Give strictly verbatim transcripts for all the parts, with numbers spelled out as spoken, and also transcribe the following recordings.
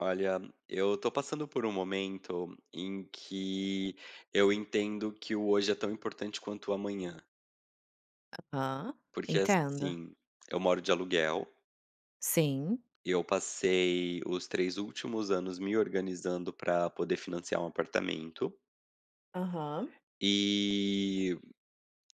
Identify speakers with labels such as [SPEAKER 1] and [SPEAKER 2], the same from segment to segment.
[SPEAKER 1] Olha, eu tô passando por momento em que eu entendo que o hoje é tão importante quanto o amanhã.
[SPEAKER 2] Aham.
[SPEAKER 1] Porque,
[SPEAKER 2] Entendo.
[SPEAKER 1] assim, eu moro de aluguel.
[SPEAKER 2] Sim.
[SPEAKER 1] Eu passei os três últimos anos me organizando pra poder financiar um apartamento.
[SPEAKER 2] Aham.
[SPEAKER 1] E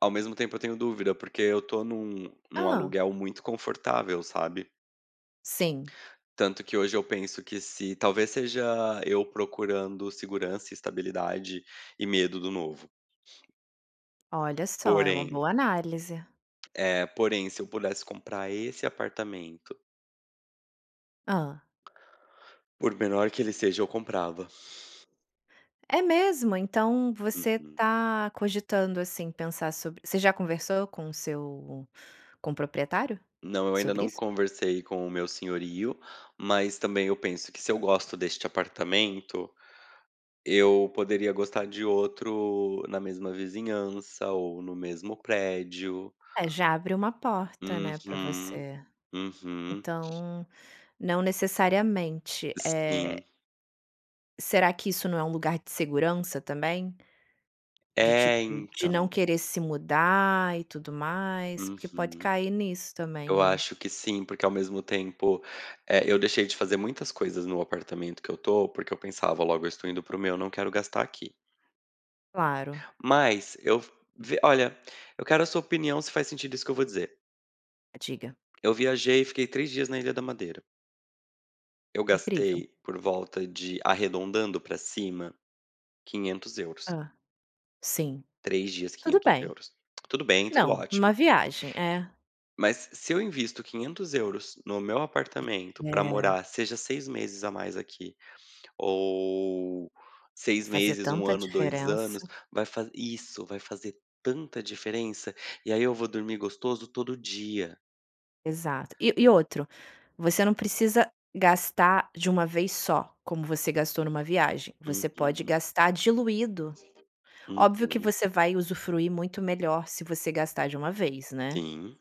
[SPEAKER 1] ao mesmo tempo eu tenho dúvida, porque eu tô num num
[SPEAKER 2] Hã?
[SPEAKER 1] aluguel muito confortável, sabe.
[SPEAKER 2] Sim.
[SPEAKER 1] Tanto que hoje eu penso que se talvez seja eu procurando segurança e estabilidade, e medo do novo.
[SPEAKER 2] Olha só, é uma
[SPEAKER 1] Porém
[SPEAKER 2] boa análise.
[SPEAKER 1] é, porém se eu pudesse comprar esse apartamento
[SPEAKER 2] Hã?
[SPEAKER 1] por menor que ele seja, eu comprava.
[SPEAKER 2] É mesmo? Então, você
[SPEAKER 1] Uhum.
[SPEAKER 2] tá cogitando assim pensar sobre você já conversou com o seu com o proprietário
[SPEAKER 1] Não, eu ainda
[SPEAKER 2] sobre
[SPEAKER 1] não
[SPEAKER 2] isso?
[SPEAKER 1] conversei com o meu senhorio, mas também eu penso que se eu gosto deste apartamento, eu poderia gostar de outro na mesma vizinhança ou no mesmo prédio.
[SPEAKER 2] Eh, já abre uma porta, né, pra
[SPEAKER 1] Uhum.
[SPEAKER 2] você.
[SPEAKER 1] Uhum.
[SPEAKER 2] Então, não necessariamente,
[SPEAKER 1] Sim.
[SPEAKER 2] eh Será que isso não é lugar de segurança também? De tipo
[SPEAKER 1] Eh,
[SPEAKER 2] de não
[SPEAKER 1] então.
[SPEAKER 2] querer se mudar e tudo mais? Porque pode
[SPEAKER 1] Uhum.
[SPEAKER 2] cair nisso também,
[SPEAKER 1] Eu
[SPEAKER 2] né?
[SPEAKER 1] acho que sim, porque ao mesmo tempo, eh, eu deixei de fazer muitas coisas no apartamento que eu tô, porque eu pensava: "Logo eu estou indo pro meu, não quero gastar aqui".
[SPEAKER 2] Claro.
[SPEAKER 1] Mas, eu v ve olha, eu quero a sua opinião se faz sentido isso que eu vou dizer.
[SPEAKER 2] Diga.
[SPEAKER 1] Eu viajei e fiquei três dias na Ilha da Madeira. Eu
[SPEAKER 2] Incrível.
[SPEAKER 1] gastei por volta de, arredondando pra cima, quinhentos euros.
[SPEAKER 2] Hã. Sim.
[SPEAKER 1] três dias,
[SPEAKER 2] Tudo
[SPEAKER 1] quinhentos
[SPEAKER 2] bem.
[SPEAKER 1] euros. Tudo bem, tudo
[SPEAKER 2] Não, uma
[SPEAKER 1] ótimo.
[SPEAKER 2] viagem, eh
[SPEAKER 1] Mas se eu invisto quinhentos euros no meu apartamento pra
[SPEAKER 2] É.
[SPEAKER 1] morar, seja seis meses a mais aqui, ou seis
[SPEAKER 2] Fazer
[SPEAKER 1] meses, um
[SPEAKER 2] tanta
[SPEAKER 1] ano, dois
[SPEAKER 2] diferença.
[SPEAKER 1] anos, vai fa isso vai fazer tanta diferença, e aí eu vou dormir gostoso todo dia.
[SPEAKER 2] Exato. E e outro, você não precisa gastar de uma vez só, como você gastou numa viagem, você pode
[SPEAKER 1] Uhum.
[SPEAKER 2] gastar diluído. Óbvio que
[SPEAKER 1] Uhum.
[SPEAKER 2] você vai usufruir muito melhor se você gastar de uma vez, né?
[SPEAKER 1] Sim.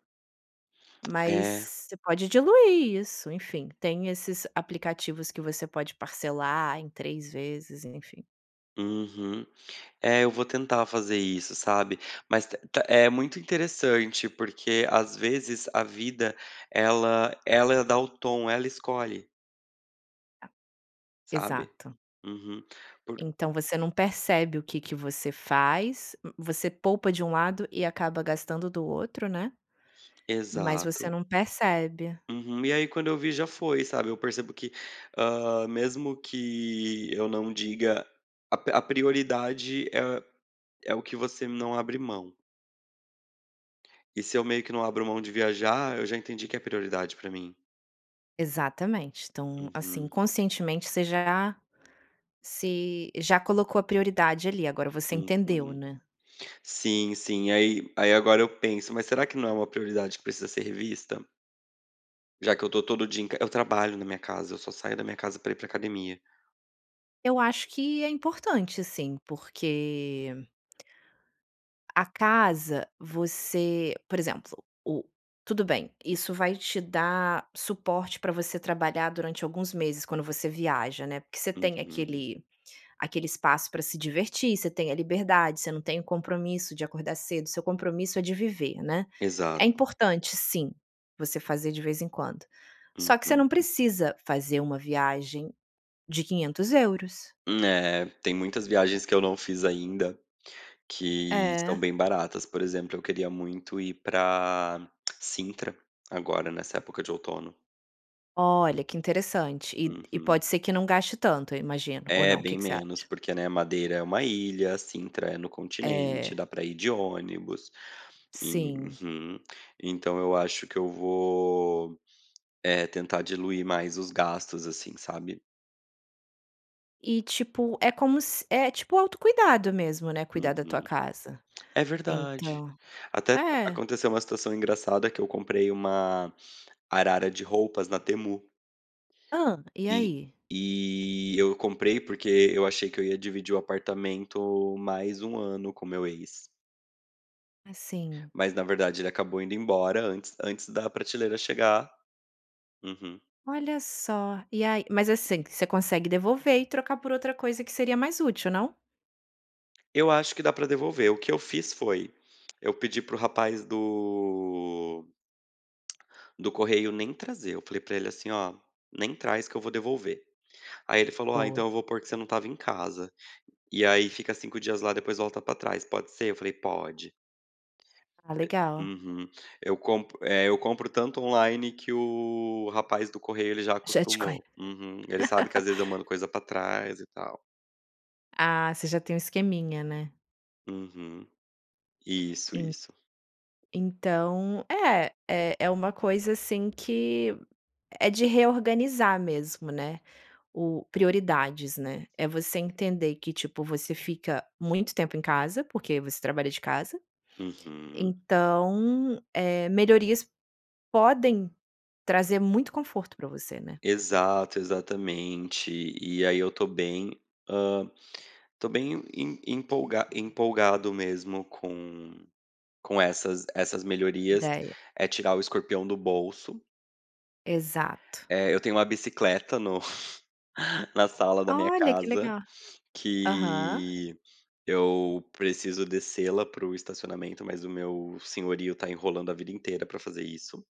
[SPEAKER 2] Mas
[SPEAKER 1] Eh.
[SPEAKER 2] você pode diluir isso, enfim, tem esses aplicativos que você pode parcelar em três vezes, enfim.
[SPEAKER 1] Uhum. É, eu vou tentar fazer isso, sabe. Mas t té é muito interessante, porque, às vezes, a vida ela ela dá o tom, ela escolhe.
[SPEAKER 2] A
[SPEAKER 1] Sabe?
[SPEAKER 2] Exato.
[SPEAKER 1] Uhum. Por
[SPEAKER 2] Então você não percebe o que que você faz. M Você poupa de um lado e acaba gastando do outro, né? Mas você
[SPEAKER 1] Exato.
[SPEAKER 2] não percebe.
[SPEAKER 1] Uhum. E aí quando eu vi, já foi, sabe. Eu percebo que, hã, mesmo que eu não diga, a p a prioridade é é o que você não abre mão. E se eu meio que não abro mão de viajar, eu já entendi que é prioridade para mim.
[SPEAKER 2] Exatamente. Então, assim,
[SPEAKER 1] Uhum.
[SPEAKER 2] conscientemente você já se já colocou a prioridade ali, agora você entendeu,
[SPEAKER 1] Uhum.
[SPEAKER 2] né?
[SPEAKER 1] Sim, sim. Aí aí agora eu penso, mas será que não é uma prioridade que precisa ser revista? Já que eu estou todo dia em c eu trabalho na minha casa. Eu só saio da minha casa pra ir pra academia.
[SPEAKER 2] Eu acho que é importante sim, porque a casa, você por exemplo, o tudo bem, isso vai te dar suporte pra você trabalhar durante alguns meses quando você viaja, né. Porque você tem
[SPEAKER 1] Uhum.
[SPEAKER 2] aquele aquele espaço pra se divertir, você tem a liberdade, você não tem o compromisso de acordar cedo, seu compromisso é de viver, né. É
[SPEAKER 1] Exato.
[SPEAKER 2] importante, sim, você fazer de vez em quando. Só que você não
[SPEAKER 1] Uhum.
[SPEAKER 2] precisa fazer uma viagem de quinhentos euros.
[SPEAKER 1] Hum, Eh. Tem muitas viagens que eu não fiz ainda, que são
[SPEAKER 2] É.
[SPEAKER 1] bem baratas, por exemplo, eu queria muito ir pra Sintra agora nessa época de outono.
[SPEAKER 2] Olha que interessante e e
[SPEAKER 1] Uhum.
[SPEAKER 2] pode ser que não gaste tanto, eu imagino. Ou
[SPEAKER 1] É
[SPEAKER 2] não, o que
[SPEAKER 1] bem
[SPEAKER 2] que você
[SPEAKER 1] menos
[SPEAKER 2] acha?
[SPEAKER 1] porque, né, Madeira é uma ilha, a Sintra é no
[SPEAKER 2] É.
[SPEAKER 1] continente, dá pra ir de ônibus.
[SPEAKER 2] Sim.
[SPEAKER 1] Uhum. Então eu acho que eu vou, eh, tentar diluir mais os gastos assim, sabe?
[SPEAKER 2] E, tipo, é como s é tipo auto-cuidado mesmo, né, cuidar da tua
[SPEAKER 1] Uhum.
[SPEAKER 2] casa?
[SPEAKER 1] É verdade.
[SPEAKER 2] Então
[SPEAKER 1] Até
[SPEAKER 2] é.
[SPEAKER 1] aconteceu uma situação engraçada que eu comprei uma arara de roupas na Temu.
[SPEAKER 2] Hã. E
[SPEAKER 1] E
[SPEAKER 2] aí?
[SPEAKER 1] e eu comprei, porque eu achei que eu ia dividir o apartamento mais um ano com o meu ex.
[SPEAKER 2] Ah, sim.
[SPEAKER 1] Mas na verdade ele acabou indo embora antes antes da prateleira chegar. Uhum.
[SPEAKER 2] Olha só. E aí mas, assim, você consegue devolver e trocar por outra coisa que seria mais útil, não?
[SPEAKER 1] Eu acho que dá pra devolver. O que eu fiz foi: eu pedi pro rapaz do do correio nem trazer. Eu falei pra ele assim: "Ó nem traz que eu vou devolver". Aí ele falou: "Ah
[SPEAKER 2] Boa.
[SPEAKER 1] então eu vou pôr que você não estava em casa. E aí fica cinco dias lá, depois volta pra trás, pode ser?" Eu falei: "Pode".
[SPEAKER 2] Ah legal.
[SPEAKER 1] Uhum. Eu comp eh, eu compro tanto online que, o rapaz do correio, ele já
[SPEAKER 2] Já te conhe
[SPEAKER 1] acostumou. Uhum. Ele sabe que às vezes eu mando coisa pra trás e tal.
[SPEAKER 2] Ah. Você já tem um esqueminha, né?
[SPEAKER 1] Uhum. Isso,
[SPEAKER 2] En
[SPEAKER 1] isso.
[SPEAKER 2] Então, é é é uma coisa assim que é de reorganizar mesmo, né. O prioridades, né. É você entender que, tipo, você fica muito tempo em casa, porque você trabalha de casa.
[SPEAKER 1] Uhum.
[SPEAKER 2] Então, eh, melhorias podem trazer muito conforto pra você, né?
[SPEAKER 1] Exato, exatamente. E aí eu tô bem, hã, tô bem em em empolga empolgado mesmo com com essas essas melhorias.
[SPEAKER 2] Ideia.
[SPEAKER 1] É tirar o escorpião do bolso.
[SPEAKER 2] Exato.
[SPEAKER 1] Eh, eu tenho uma bicicleta no na sala da minha
[SPEAKER 2] Olha, que
[SPEAKER 1] casa,
[SPEAKER 2] legal! Aham.
[SPEAKER 1] que eu preciso descê-la pro estacionamento, mas o meu senhorio tá enrolando a vida inteira pra fazer isso.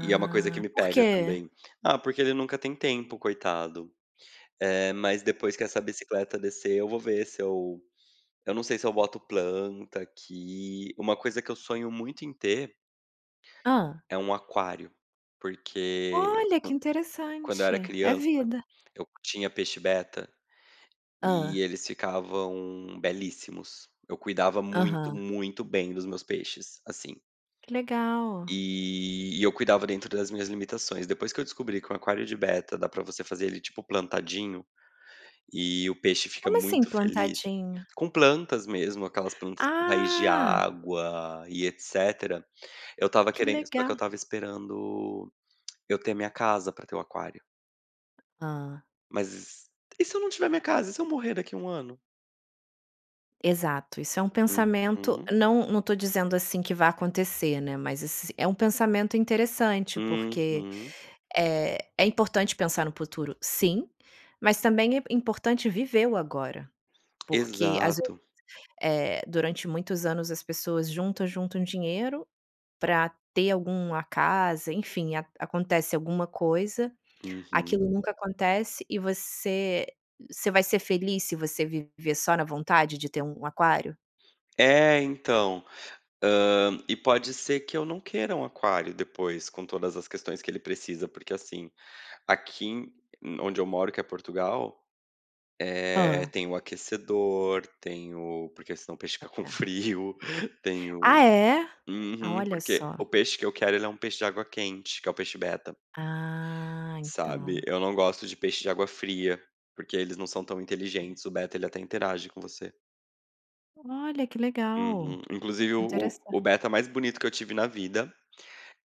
[SPEAKER 1] E é uma coisa que me
[SPEAKER 2] por
[SPEAKER 1] pega
[SPEAKER 2] quê?
[SPEAKER 1] também. Ah, porque ele nunca tem tempo, coitado. Eh, mas depois que essa bicicleta descer, eu vou ver se eu eu não sei se eu boto planta aqui. Uma coisa que eu sonho muito em ter
[SPEAKER 2] Hã?
[SPEAKER 1] é um aquário, porque
[SPEAKER 2] Olha! Que
[SPEAKER 1] quando eu
[SPEAKER 2] interessante.
[SPEAKER 1] era
[SPEAKER 2] É
[SPEAKER 1] criança,
[SPEAKER 2] vida.
[SPEAKER 1] eu tinha peixe Beta e
[SPEAKER 2] Hã?
[SPEAKER 1] eles ficavam belíssimos. Eu cuidava muito,
[SPEAKER 2] Aham.
[SPEAKER 1] muito bem dos meus peixes, assim.
[SPEAKER 2] Que legal!
[SPEAKER 1] E eu cuidava dentro das minhas limitações. Depois que eu descobri que um aquário de Beta dá pra você fazer ele tipo plantadinho e o peixe fica
[SPEAKER 2] Como assim
[SPEAKER 1] muito feliz
[SPEAKER 2] plantadinho?
[SPEAKER 1] com plantas mesmo. Aquelas plantas com raiz de
[SPEAKER 2] Ah!
[SPEAKER 1] água e etcétera. Eu estava
[SPEAKER 2] Que
[SPEAKER 1] querendo, só
[SPEAKER 2] legal.
[SPEAKER 1] que eu estava esperando eu ter a minha casa pra ter o aquário.
[SPEAKER 2] Hã.
[SPEAKER 1] Mas s e se eu não tiver minha casa? E se eu morrer daqui a ano?
[SPEAKER 2] Exato. Isso é um pensamento,
[SPEAKER 1] Uhum.
[SPEAKER 2] não não tô dizendo assim que vá acontecer, né. Mas ess é um pensamento interessante, porque
[SPEAKER 1] Uhum.
[SPEAKER 2] eh, é importante pensar no puturo, sim, mas também é importante viver o agora. Porque às vezes
[SPEAKER 1] Exato.
[SPEAKER 2] eh, durante muitos anos as pessoas juntam, juntam dinheiro pra ter algum a casa, enfim, a acontece alguma coisa,
[SPEAKER 1] Uhum.
[SPEAKER 2] aquilo nunca acontece. E você você vai ser feliz, se você viver só na vontade de ter um aquário?
[SPEAKER 1] Eh, então! Hã. E pode ser que eu não queira um aquário depois com todas as questões que ele precisa, porque assim, aqui em em onde eu moro, que é Portugal, eh,
[SPEAKER 2] Hã?
[SPEAKER 1] tem o aquecedor, tem o porque senão o peixe fica com
[SPEAKER 2] É.
[SPEAKER 1] frio, tem
[SPEAKER 2] Ah,
[SPEAKER 1] o
[SPEAKER 2] é?
[SPEAKER 1] uhum.
[SPEAKER 2] Olha
[SPEAKER 1] Porque,
[SPEAKER 2] só.
[SPEAKER 1] o peixe que eu quero, ele é um peixe de água quente, que é o peixe Beta.
[SPEAKER 2] Ah,
[SPEAKER 1] Sabe.
[SPEAKER 2] então.
[SPEAKER 1] Eu não gosto de peixe de água fria, porque eles não são tão inteligentes, o Beta ele até interage com você.
[SPEAKER 2] Olha, que legal.
[SPEAKER 1] Uhum. Inclusive o
[SPEAKER 2] Interessan
[SPEAKER 1] o o Beta mais bonito que eu tive na vida,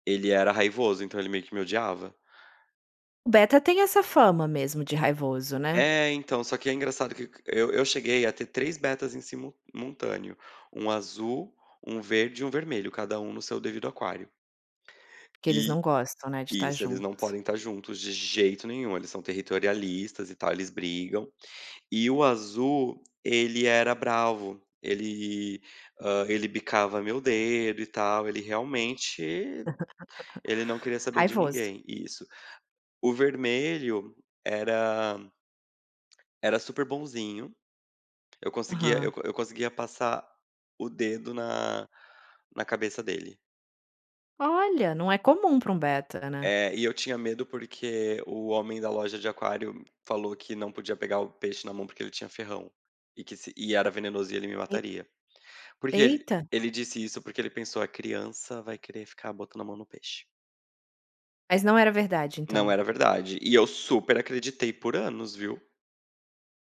[SPEAKER 1] ele era raivoso, então ele meio que me odiava.
[SPEAKER 2] Beta tem essa fama mesmo de raivoso, né?
[SPEAKER 1] Eh, então só que é engraçado q que eu eu cheguei a ter três Betas em simul multâneo, um azul, um verde e um vermelho, cada no seu devido aquário.
[SPEAKER 2] Que eles
[SPEAKER 1] E
[SPEAKER 2] não gostam, né, de tá
[SPEAKER 1] Isso, eles não
[SPEAKER 2] juntos.
[SPEAKER 1] podem estar juntos de jeito nenhum, eles são territorialistas e tal, eles brigam. E o azul, ele era bravo, ele, hã, ele bicava meu dedo e tal. Ele, realmente ele não queria saber de
[SPEAKER 2] Raivoso.
[SPEAKER 1] ninguém. Isso. O vermelho era era super bonzinho. Eu conseguia, eu
[SPEAKER 2] Aham.
[SPEAKER 1] eu conseguia passar o dedo na na cabeça dele.
[SPEAKER 2] Olha, não é comum para um Beta, né?
[SPEAKER 1] É. E eu tinha medo, porque o homem da loja de aquário falou que não podia pegar o peixe na mão, porque ele tinha ferrão e que se e era venenosa e ele me
[SPEAKER 2] E
[SPEAKER 1] mataria. Porque ele
[SPEAKER 2] eita!
[SPEAKER 1] ele disse isso, porque ele pensou: "A criança vai querer ficar botando a mão no peixe".
[SPEAKER 2] Mas não era verdade,
[SPEAKER 1] Não
[SPEAKER 2] então?
[SPEAKER 1] era verdade e eu super acreditei por anos, viu?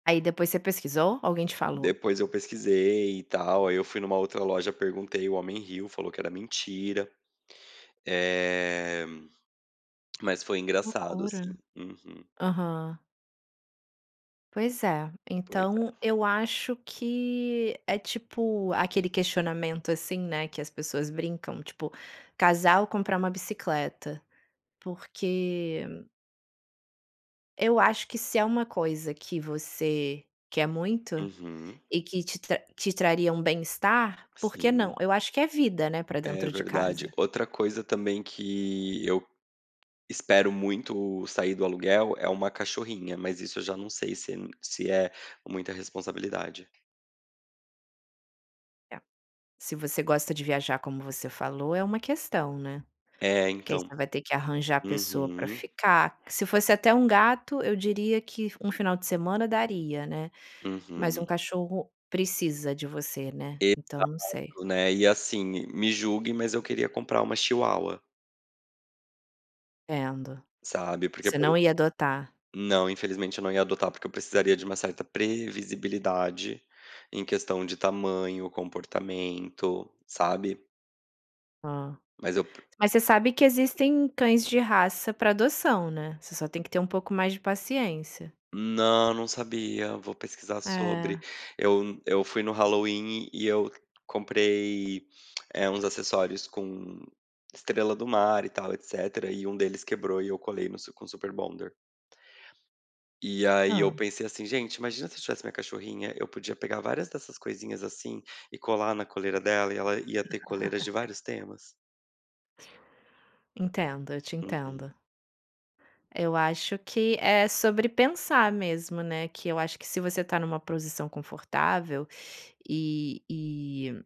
[SPEAKER 2] Aí, depois você pesquisou ou alguém te falou?
[SPEAKER 1] Depois eu pesquisei e tal. Aí eu fui numa outra loja, perguntei, o homem riu, falou que era mentira. Eh, mas foi
[SPEAKER 2] Que
[SPEAKER 1] engraçado, assim.
[SPEAKER 2] loucura.
[SPEAKER 1] Uhum.
[SPEAKER 2] Aham. Pois é,
[SPEAKER 1] Pois
[SPEAKER 2] então
[SPEAKER 1] é.
[SPEAKER 2] eu acho que é tipo aquele questionamento assim, né, que as pessoas brincam, tipo, casal comprar uma bicicleta. Porque eu acho que se é uma coisa que você quer muito
[SPEAKER 1] Uhum.
[SPEAKER 2] e que te tra te traria um bem-estar, por que não?
[SPEAKER 1] Sim.
[SPEAKER 2] Eu acho que é vida, né, para
[SPEAKER 1] É,
[SPEAKER 2] dentro de
[SPEAKER 1] verdade.
[SPEAKER 2] casa.
[SPEAKER 1] Outra coisa também que eu espero muito sair do aluguel é uma cachorrinha, mas isso eu já não sei se m se é muita responsabilidade.
[SPEAKER 2] É. Se você gosta de viajar, como você falou, é uma questão, né?
[SPEAKER 1] É
[SPEAKER 2] Porque aí
[SPEAKER 1] então
[SPEAKER 2] você vai ter que arranjar pessoa pra
[SPEAKER 1] Uhum.
[SPEAKER 2] ficar Se fosse até um gato, eu diria que um final de semana daria, né? Mas um
[SPEAKER 1] Uhum.
[SPEAKER 2] cachorro precisa de você, né? Então não sei.
[SPEAKER 1] Exato, né? E assim, m me julgue, mas eu queria comprar uma chihuahua.
[SPEAKER 2] Entendo.
[SPEAKER 1] Sabe, porque
[SPEAKER 2] Você
[SPEAKER 1] por
[SPEAKER 2] não
[SPEAKER 1] ex
[SPEAKER 2] ia adotar?
[SPEAKER 1] não, infelizmente eu não ia adotar porque eu precisaria de uma certa previsibilidade em questão de tamanho, comportamento, sabe?
[SPEAKER 2] Hã.
[SPEAKER 1] Mas eu pre
[SPEAKER 2] Mas você sabe que existem cães de raça pra adoção, né? Você só tem que ter pouco mais de paciência.
[SPEAKER 1] Não, não sabia, vou pesquisar sobre.
[SPEAKER 2] Eh.
[SPEAKER 1] Eu eu fui no Halloween e eu comprei, eh, uns acessórios com estrela do mar e tal, etc. E um deles quebrou e eu colei no su com super bonder. E aí, eu
[SPEAKER 2] Hã.
[SPEAKER 1] pensei assim: "gente, imagina se eu tivesse minha cachorrinha, eu podia pegar várias dessas coisinhas assim e colar na coleira dela e ela ia ter coleiras de vários temas".
[SPEAKER 2] Entendo, eu te
[SPEAKER 1] Uhum.
[SPEAKER 2] entendo. Eu acho que é sobre pensar mesmo, né? Que eu acho que se você tá numa posição confortável, e e,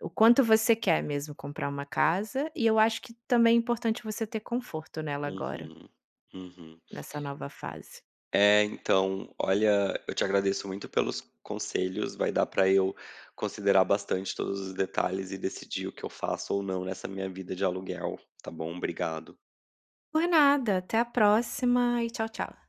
[SPEAKER 2] o quanto você quer mesmo comprar uma casa, e eu acho que também é importante você ter conforto nela agora
[SPEAKER 1] Uhum. Uhum.
[SPEAKER 2] nessa nova fase.
[SPEAKER 1] É, então, olha, eu te agradeço muito pelos conselhos, vai dar pra eu considerar bastante todos os detalhes e decidir o que eu faço ou não nessa minha vida de aluguel, tá bom? Obrigado.
[SPEAKER 2] Por nada! Até a próxima e tchau, tchau.